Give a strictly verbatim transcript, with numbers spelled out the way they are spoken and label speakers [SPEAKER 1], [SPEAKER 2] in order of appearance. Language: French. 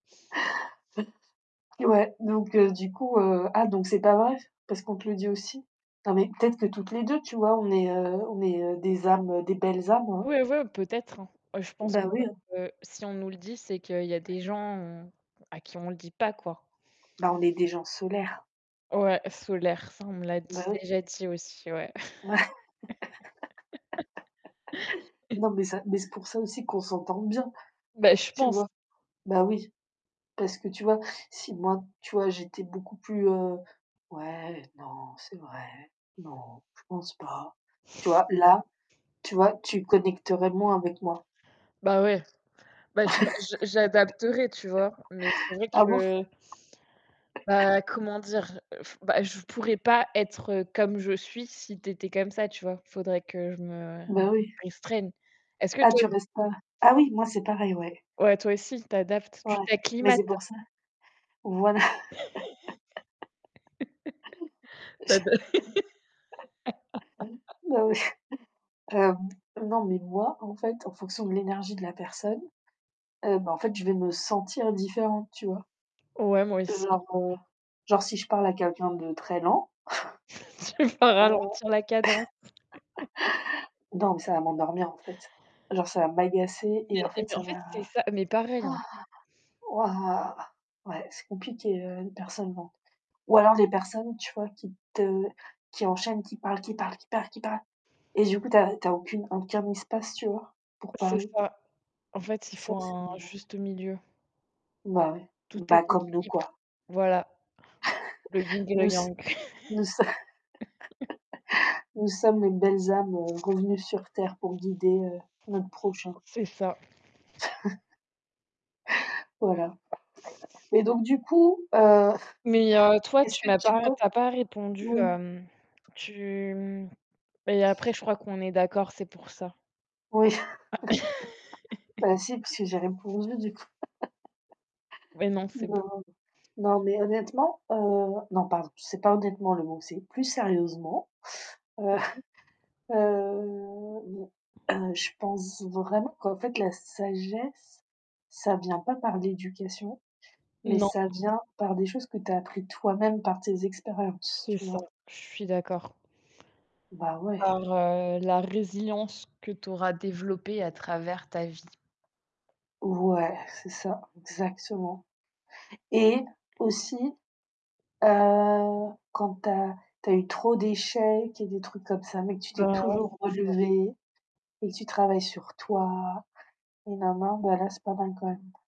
[SPEAKER 1] Eh ouais, donc heu, du coup, heu ah, donc c'est pas vrai? Parce qu'on te le dit aussi? Non, mais peut-être que toutes les deux, tu vois? On est, heu on est heu, des âmes des belles âmes, hein.
[SPEAKER 2] Oui ouais, peut-être hein. Heu, je pense que
[SPEAKER 1] Bah, oui heu
[SPEAKER 2] si on nous le dit, c'est qu'il y a des gens à qui on le dit pas quoi.
[SPEAKER 1] Bah, on est des gens solaires.
[SPEAKER 2] Ouais, solaire. Ça, on me l'a
[SPEAKER 1] Bah
[SPEAKER 2] dit
[SPEAKER 1] oui.
[SPEAKER 2] déjà dit aussi, ouais.
[SPEAKER 1] Ouais! Non, mais ça mais c'est pour ça aussi qu'on s'entend bien.
[SPEAKER 2] Beh, je
[SPEAKER 1] Tu
[SPEAKER 2] pense.
[SPEAKER 1] vois? Bah oui. Parce que tu vois, si moi, tu vois, j'étais beaucoup plus, heu, «Ouais, non, c'est vrai, non, je pense pas», tu vois, là, tu vois, tu connecterais moins avec moi.
[SPEAKER 2] Bah ouais. bah, je ma je j'adapterai, tu vois? Mais c'est vrai
[SPEAKER 1] Ah bon?
[SPEAKER 2] que Bah, comment dire? Je ef bah je pourrais pas être comme je suis si tu étais comme ça, tu vois? Il faudrait que je me
[SPEAKER 1] Bah oui.
[SPEAKER 2] restreigne. Est-ce que
[SPEAKER 1] Ah,
[SPEAKER 2] toi
[SPEAKER 1] tu restes pas. Ah oui, moi c'est pareil, ouais.
[SPEAKER 2] Ouais, toi aussi, tu adaptes,
[SPEAKER 1] Ouais,
[SPEAKER 2] tu
[SPEAKER 1] mais
[SPEAKER 2] t'acclimates.
[SPEAKER 1] c'est pour ça. Voilà!
[SPEAKER 2] ta da
[SPEAKER 1] Bah oui! Hem, non, mais moi, en fait, en fonction de l'énergie de la personne, heu, bah en fait, je vais me sentir différente, tu vois?
[SPEAKER 2] Ouais, moi aussi.
[SPEAKER 1] Genre, heu, genre si je parle à quelqu'un de très lent,
[SPEAKER 2] Tu vas
[SPEAKER 1] heu,
[SPEAKER 2] ralentir la cadence.
[SPEAKER 1] donc ça va m'endormir en fait. Genre ça va m'agacer
[SPEAKER 2] Mais
[SPEAKER 1] et en
[SPEAKER 2] et
[SPEAKER 1] fait
[SPEAKER 2] mais
[SPEAKER 1] ça
[SPEAKER 2] en
[SPEAKER 1] va
[SPEAKER 2] fait, c'est ça mais pareil, hein.
[SPEAKER 1] wouah. Ouais, c'est compliqué, heu, une personne lente. Ou alors les personnes, tu vois, qui te qui enchaînent, qui parlent, qui parlent, qui parlent, qui parlent. Et du coup, tu as tu as aucune aucun espace, tu vois, pour
[SPEAKER 2] C'est
[SPEAKER 1] parler.
[SPEAKER 2] ça. En fait, il
[SPEAKER 1] Ça,
[SPEAKER 2] faut
[SPEAKER 1] c'est
[SPEAKER 2] un juste milieu.
[SPEAKER 1] Bah ouais.
[SPEAKER 2] Tout est
[SPEAKER 1] Bah comme nous
[SPEAKER 2] équilibre,
[SPEAKER 1] quoi.
[SPEAKER 2] voilà. Le ying et
[SPEAKER 1] Nous
[SPEAKER 2] le
[SPEAKER 1] s
[SPEAKER 2] yang.
[SPEAKER 1] nous so nous sommes les belles âmes, heu, revenues sur terre pour guider, heu, notre prochain.
[SPEAKER 2] C'est ça.
[SPEAKER 1] Voilà. Et donc du coup, heu,
[SPEAKER 2] Mais heu, toi,
[SPEAKER 1] est-ce
[SPEAKER 2] tu
[SPEAKER 1] que
[SPEAKER 2] m'as
[SPEAKER 1] tu
[SPEAKER 2] pas
[SPEAKER 1] pen
[SPEAKER 2] tu as pas répondu,
[SPEAKER 1] oui.
[SPEAKER 2] hem tu, mmh et après, je crois qu'on est d'accord, c'est pour ça.
[SPEAKER 1] Oui. Bah si parce que j'ai répondu du coup
[SPEAKER 2] Ouais, non, c'est bon.
[SPEAKER 1] Non, non, mais honnêtement, heu non, pardon, c'est pas honnêtement le mot, c'est plus sérieusement, heu,
[SPEAKER 2] [unintelligible]
[SPEAKER 1] heu, je pense vraiment qu'en fait la sagesse, ça vient pas par l'éducation, mais
[SPEAKER 2] Non.
[SPEAKER 1] ça vient par des choses que tu as appris toi-même par tes expériences,
[SPEAKER 2] C'est
[SPEAKER 1] tu
[SPEAKER 2] ça,
[SPEAKER 1] vois?
[SPEAKER 2] je suis d'accord.
[SPEAKER 1] Bah ouais.
[SPEAKER 2] Par, heu, la résilience que tu auras développée à travers ta vie.
[SPEAKER 1] Ouais, c'est ça, exactement. Et aussi, heu, quand tu as tu as eu trop d'échecs et des trucs comme ça, mais que tu t'es
[SPEAKER 2] Bah ouais,
[SPEAKER 1] toujours
[SPEAKER 2] c'est ça.
[SPEAKER 1] relevée et que tu travailles sur toi, et nana, bah là c'est pas mal quand même.